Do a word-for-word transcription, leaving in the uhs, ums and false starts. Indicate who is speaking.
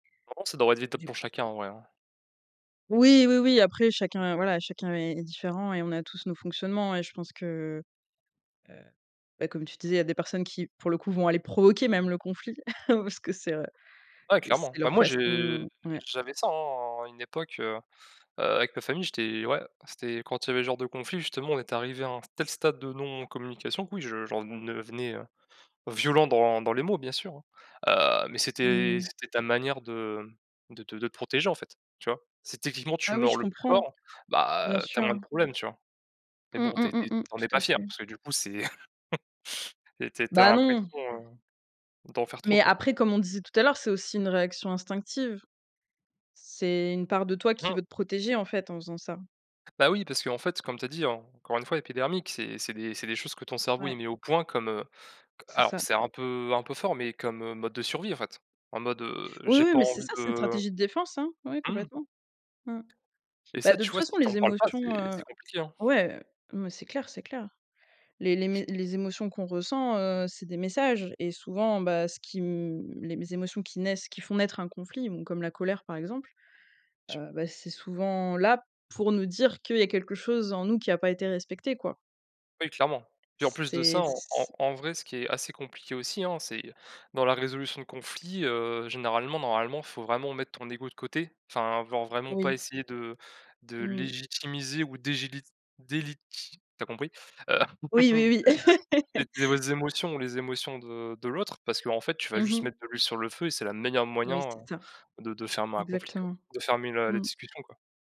Speaker 1: Normalement, ça devrait être [unintelligible]
Speaker 2: Du c
Speaker 1: pour chacun en vrai, hein.
Speaker 2: Oui, oui, oui. Après chacun, voilà, chacun est est différent et on a tous nos fonctionnements. Et je pense que, heu, beh comme tu disais, il y a des personnes qui, pour le coup, vont aller provoquer même le conflit, parce que c'est, heu,
Speaker 1: Ouais
Speaker 2: c'est
Speaker 1: clairement. Bah
Speaker 2: leur
Speaker 1: moi,
Speaker 2: façon
Speaker 1: je
Speaker 2: Ouais.
Speaker 1: j'avais ça, hein, à une époque, heu heu, avec ma famille, j'étais ouais. C'était quand il y avait ce genre de conflit justement, on est arrivé à un tel stade de non communication que oui, je j'en nevenais heu, violent dans dans les mots bien sûr. Heu, mais
Speaker 2: Mmh
Speaker 1: c'était
Speaker 2: mh.
Speaker 1: c'était ta manière de de te de te protéger en fait ,tu vois. Si techniquement tu
Speaker 2: Ah oui,
Speaker 1: mords
Speaker 2: je
Speaker 1: le plus
Speaker 2: comprends.
Speaker 1: fort,
Speaker 2: Bien
Speaker 1: bah, tu as moins de
Speaker 2: sûr.
Speaker 1: problèmes, tu vois? Mais
Speaker 2: Mmh
Speaker 1: bon, tu
Speaker 2: mmh
Speaker 1: es
Speaker 2: mmh
Speaker 1: tu es tu
Speaker 2: mh.
Speaker 1: en es
Speaker 2: Tout
Speaker 1: pas
Speaker 2: à
Speaker 1: fier
Speaker 2: fait.
Speaker 1: parce que du coup c'est tu es tu es tu as
Speaker 2: Bah non.
Speaker 1: l'impression, heu, d'en faire trop,
Speaker 2: Mais
Speaker 1: quoi.
Speaker 2: après comme on disait tout à l'heure c'est aussi une réaction instinctive c'est une part de toi
Speaker 1: Mais
Speaker 2: qui
Speaker 1: non!
Speaker 2: veut te protéger, en fait, en faisant ça.
Speaker 1: Bah oui, parce qu'en fait, comme tu as dit, encore une fois, épidermique, c'est c'est des c'est des choses que ton cerveau,
Speaker 2: Ouais.
Speaker 1: il met au point comme, heu, q
Speaker 2: C'est
Speaker 1: alors
Speaker 2: ça.
Speaker 1: c'est un peu un peu fort, mais comme mode de survie en fait. En mode, heu,
Speaker 2: Oui,
Speaker 1: j'ai
Speaker 2: oui.
Speaker 1: pas
Speaker 2: Mais c'est
Speaker 1: envie
Speaker 2: ça, c'est une
Speaker 1: de
Speaker 2: stratégie de défense, hein. Oui
Speaker 1: mmh.
Speaker 2: complètement. Mmh.
Speaker 1: Et
Speaker 2: Bah,
Speaker 1: ça,
Speaker 2: de
Speaker 1: tu
Speaker 2: toute
Speaker 1: vois,
Speaker 2: façon
Speaker 1: si tu
Speaker 2: les
Speaker 1: en parles pas,
Speaker 2: émotions,
Speaker 1: c'est
Speaker 2: heu
Speaker 1: c'est compliqué, hein.
Speaker 2: ouais mais c'est clair, c'est clair. Les les mé les émotions qu'on ressent, heu, c'est des messages. Et souvent, bah, ce qui m les mé les émotions qui naissent qui font naître un conflit, bon, comme la colère, par exemple.
Speaker 1: Je
Speaker 2: Heu, bah, c'est souvent là pour nous dire qu'il y a quelque chose en nous qui a pas été respecté, quoi.
Speaker 1: Oui clairement. Puis en plus de
Speaker 2: C'est
Speaker 1: ça,
Speaker 2: c'
Speaker 1: en
Speaker 2: c'
Speaker 1: en
Speaker 2: c'
Speaker 1: en vrai, ce qui est assez compliqué aussi, hein, c'est dans la résolution de conflits, heu, généralement, normalement il faut vraiment mettre ton ego de côté. Enfin, ven vraiment pas
Speaker 2: Oui.
Speaker 1: essayer de de
Speaker 2: Mmh mh.
Speaker 1: légitimiser ou dégili, déliti tu as compris, heu,
Speaker 2: Oui, oui, oui.
Speaker 1: les émotions les émotions de de l'autre parce qu'en fait, tu vas
Speaker 2: Mmh
Speaker 1: juste
Speaker 2: mh.
Speaker 1: mettre de l'huile sur le feu et c'est la meilleur moyen,
Speaker 2: Oui, c'est ça.
Speaker 1: heu, de de fermer un conflit quoi,
Speaker 2: Exactement.
Speaker 1: de fermer la la
Speaker 2: Mmh.
Speaker 1: discussion quoi.